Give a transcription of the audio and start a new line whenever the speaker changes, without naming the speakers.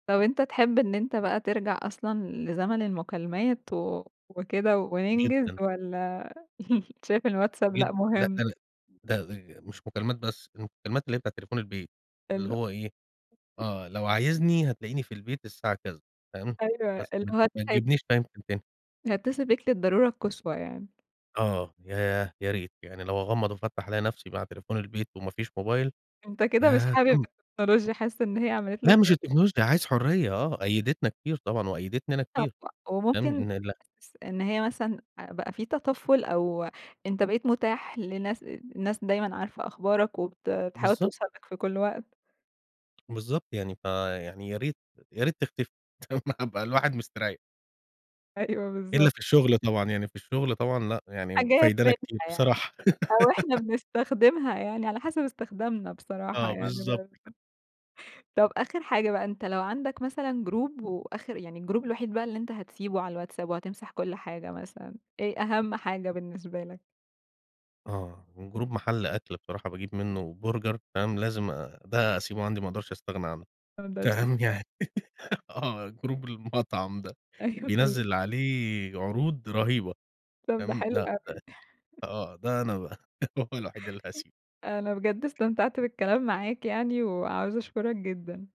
طب أنت تحب إن أنت بقى ترجع أصلًا لزمن المكالمات و وكده وننجز
جدًا.
والّا شايف
جد
الWhatsapp لأ
جدًا لأ
مهم؟
ده ل ده آآ مش مكالمات بس المكالمات اللي هي بتاع تليفون البيت اللي
الل
هو إيه؟ آه لو عايزني هتلاقيني في البيت الساعة كذا، تمام
أيوه
بس
اللي
ما ت
هو.
ما
[unintelligible]
تجيبنيش [unintelligible] تاني.
هيتصل بيك للضرورة القصوى يعني.
آه ياه! يا ريت يعني لو أغمض وافتح الاقي نفسي مع تليفون البيت ومافيش موبايل
أنت كده مش
ياه
حابب
كنت
التكنولوجيا حاسّس إن هي عملت
لأ
لَك
مش التكنولوجيا عايز حُرية آه قيدتنا كتير طبعًا وقيدتني أنا كتير.
[unintelligible] ،وممكن
[unintelligible]
إن س هي مثلًا بقى في تطفل أو أنت بقيت متاح لناس الناس دايمًا عارفة أخبارك وبت بتحاول
بالضب
توصل لَك في كل وقت.
بالضبط يعني فيعني ياريت ياريت تختفي هابقى الواحد مستريح
أيوه
إلا
بالضبط.
في الشغل طبعًا يعني في الشغل طبعًا لأ، يعني
حاجات
فايدانا
منها
كتير
يعني
بصراحة.
أو إحنا بنستخدمها يعني على حسب استخدامنا بصراحة
آه
يعني
بالضبط
برضو.
كده.
طب آخر حاجة بقى أنت لو عندك مثلًا Group وآخر يعني ال Group الوحيد بقى اللي أنت هتسيبه على الWhatsapp وهتمسح كل حاجة مثلًا، إيه أهم حاجة بالنسبة لك؟
آه و Group محل أكل بصراحة باجيب منّه Burger تمام، لازم آآ ده أسيبه عندي ما أقدرش
[unintelligible]
أستغنى عنّه
،ما اقدرش
تمام يعني
استغنى.
آه Group المطعم ده
أيوه.
بينزّل عليه عروض رهيبة
طب ده
تمام
حلو
لأ
أوي.
آه ده أنا بقى هو الوحيد اللي هاسيب
أنا بجد استمتعت بالكلام معاك يعني وعاوزة أشكرك جدًا.